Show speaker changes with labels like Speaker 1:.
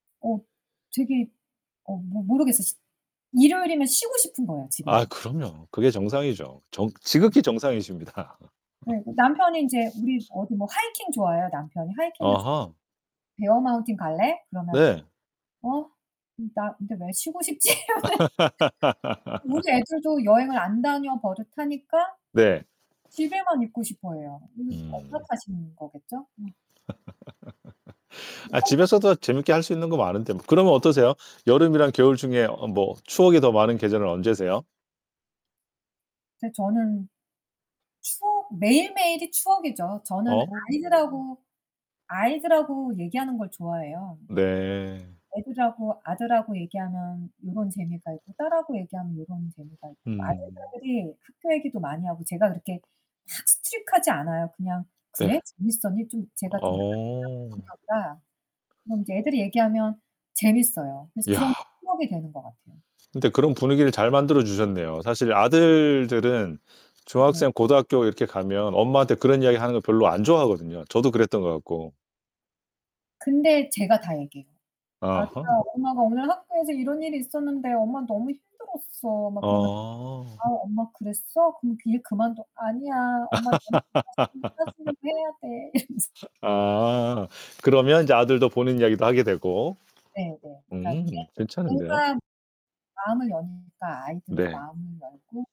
Speaker 1: 어 되게 어 모 모르겠어요, 쉬 일요일이면 쉬고 싶은 거야,
Speaker 2: 아
Speaker 1: 집에서.
Speaker 2: 그럼요. 그게 정상이죠. 정
Speaker 1: 어.
Speaker 2: 지극히 정상이십니다.
Speaker 1: 네 나 남편이 인제 우리 어디 뭐 하이킹 좋아해요 남편이. 하이킹을 좋
Speaker 2: 아하.
Speaker 1: "베어마운틴 갈래?" 그러면
Speaker 2: 네.
Speaker 1: "어? 나 근데 왜 쉬고 싶지?" 이러면 우리 애들도 여행을 안 다녀 버릇하니까
Speaker 2: 네.
Speaker 1: 집에만 있고 싶어 해요. 이거 엄마
Speaker 2: 음.
Speaker 1: 탓인 거겠죠? 음.
Speaker 2: 아 집에서도 재밌게 할 수 있는 거 많은데 뭐. 그러면 어떠세요? 여름이랑 겨울 중에 어 뭐 추억이 더 많은 계절은 언제세요?
Speaker 1: 근데 저는 추억 매일매일이 추억이죠. 저는
Speaker 2: 어.
Speaker 1: 아이들하고 아이들하고 얘기하는 걸 좋아해요.
Speaker 2: 네.
Speaker 1: 애들하고 아들하고 얘기하면 요런 재미가 있고, 딸하고 얘기하면 요런 재미가 있고.
Speaker 2: 음.
Speaker 1: 아들딸들이 학교 얘기도 많이 하고 제가 그렇게 막 strict 하지 않아요. 그냥 "그래?
Speaker 2: 네.
Speaker 1: 재밌었니?" 좀 제가 좀 [unintelligible]
Speaker 2: 어.
Speaker 1: 성격이라. 그럼 이제 애들이 얘기하면 재밌어요. 그래서
Speaker 2: 야.
Speaker 1: 그런 추억이 되는 것 같아요.
Speaker 2: 근데 그런 분위기를 잘 만들어 주셨네요. 사실 아들들은
Speaker 1: 네.
Speaker 2: 중학생 고등학교 이렇게 가면 엄마한테 그런 이야기하는 거 별로 안 좋아하거든요, 저도 그랬던 것 같고.
Speaker 1: 근데 제가 다 얘기해요. "아들아
Speaker 2: 아하.
Speaker 1: 엄마가 오늘 학교에서 이런 일이 있었는데 엄마 너무 힘들었어." 막 그러면
Speaker 2: 어.
Speaker 1: "아 엄마 그랬어? 그럼 그 일 그만둬." "아니야, 엄마 [unintelligible] 해야 돼." 이러면서.
Speaker 2: 아. 그러면 이제 아들도 본인 이야기도 하게 되고.
Speaker 1: 네네.
Speaker 2: 음
Speaker 1: [unintelligible]
Speaker 2: 괜찮은데요.
Speaker 1: 뭔가 마음을 여니까 아이들도
Speaker 2: 네.
Speaker 1: 마음을 열고.